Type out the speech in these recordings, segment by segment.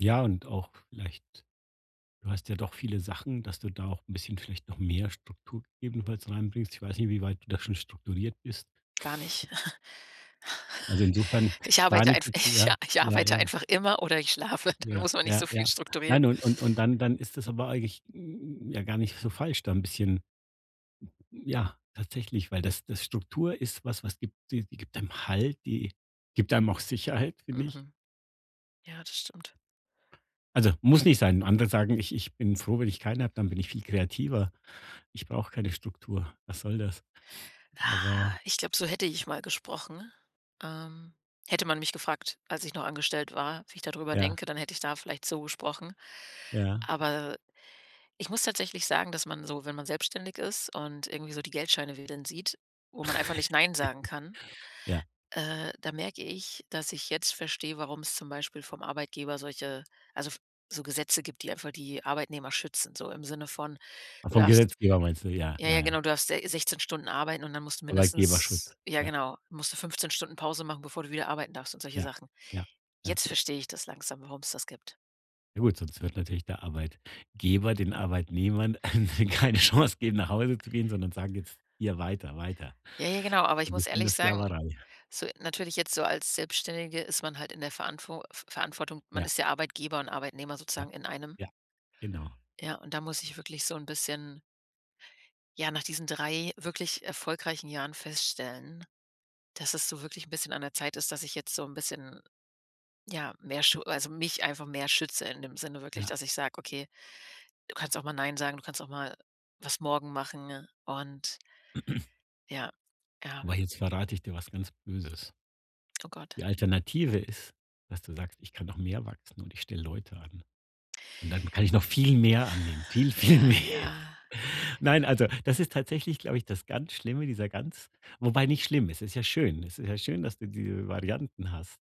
Ja und auch vielleicht du hast ja doch viele Sachen, dass du da auch 'n bisschen vielleicht noch mehr Struktur ebenfalls reinbringst. Ich weiß nicht, wie weit du da schon strukturiert bist. Gar nicht. Also, insofern Ich gar arbeite nicht einf jetzt, ich ja, ich ja, arbeite ja. einfach immer oder ich schlafe, dann Ja, muss man nicht ja, so ja. viel strukturieren. Nein, und und und dann dann ist das aber eigentlich n n ja gar nicht so falsch da 'n bisschen ja, tatsächlich, weil das das Struktur ist was was gibt die gibt einem Halt, die gibt einem auch Sicherheit, finde ich. Mhm, ja das stimmt. Also, muss nicht sein. Andere sagen: „Ich ich bin froh, wenn ich keine habe, dann bin ich viel kreativer. Ich brauche keine Struktur. Was soll das?“ Aber Ah, ich glaube, so hätte ich mal gesprochen, ähm. Hätte man mich gefragt, als ich noch angestellt war, wie ich da drüber Ja. denke, dann hätte ich da vielleicht so gesprochen. Ja. Aber ich muss tatsächlich sagen, dass man so, wenn man selbstständig ist und irgendwie so die Geldscheine wedeln sieht, wo man einfach nicht nein sagen kann. Ja. Äh, da merke ich, dass ich jetzt verstehe, warum es zum Beispiel vom Arbeitgeber solche also, f so Gesetze gibt, die einfach die Arbeitnehmer schützen, so im Sinne von, Ach, du vom darfst Gesetzgeber meinst du, ja, ja, ja, ja ja. genau, du darfst se 16 Stunden arbeiten und dann musst du Arbeitgeberschutz, mindestens ja ja. genau, musst du 15 Stunden Pause machen, bevor du wieder arbeiten darfst und solche Ja, Sachen. ja, ja. Jetzt verstehe ich das langsam, warum's das gibt. Ja gut, sonst wird natürlich der Arbeitgeber, den Arbeitnehmern keine Chance geben, nach Hause zu gehen, sondern sagen: „Jetzt hier weiter, weiter.“ Ja, ja genau, aber ich Und muss bestimmt 'ne ehrlich sagen Sklaverei. so natürlich jetzt so als Selbstständige ist man halt in der Verantwo f Verantwortung, man Ja ist ja Arbeitgeber und Arbeitnehmer Ja, sozusagen in einem. ja, genau. Ja, und da muss ich wirklich so 'n bisschen ja, nach diesen 3 wirklich erfolgreichen Jahren feststellen, dass es so wirklich 'n bisschen an der Zeit ist, dass ich jetzt so 'n bisschen, ja, mehr scho also, mich einfach mehr schütze in dem Sinne wirklich, Ja. dass ich sage: „Okay, du kannst auch mal 'nein' sagen, du kannst auch mal was morgen machen“, ne? und Ja, ja. Aber jetzt verrate ich dir was ganz Böses. Oh Gott. Die Alternative ist, dass du sagst: „Ich kann noch mehr wachsen und ich stelle Leute an. Und dann kann ich noch viel mehr annehmen, viel, viel mehr.“ Ja, ja. Nein, also, das ist tatsächlich, glaube ich, das ganz Schlimme, dieser ganz wobei nicht schlimm, es ist ja schön. Es ist ja schön, dass du diese Varianten hast.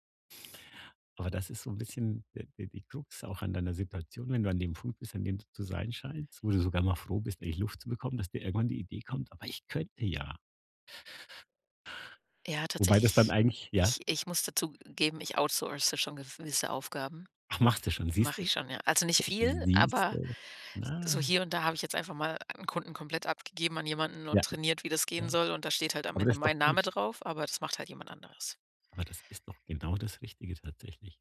Aber das ist so 'n bisschen d die die Krux auch an deiner Situation, wenn du an dem Punkt bist, an dem du zu sein scheinst, wo du sogar mal froh bist, endlich Luft zu bekommen, dass dir irgendwann die Idee kommt: „Aber ich könnte ja.“ Ja, Wobei das dann tatsächlich eigentlich ja? ich ich muss dazu geben, ich outsource schon gewisse Aufgaben. Ach, machste schon, Mache siehste? ich schon, ja. Nicht viel, aber Siehste? so Na. hier und da habe ich jetzt einfach mal 'n Kunden komplett abgegeben an jemanden Ja. und trainiert, wie das gehen Ja. soll und da steht halt am Aber Ende das ist doch mein Name gut. drauf, aber das macht halt jemand anderes. Aber das ist doch genau das Richtige tatsächlich.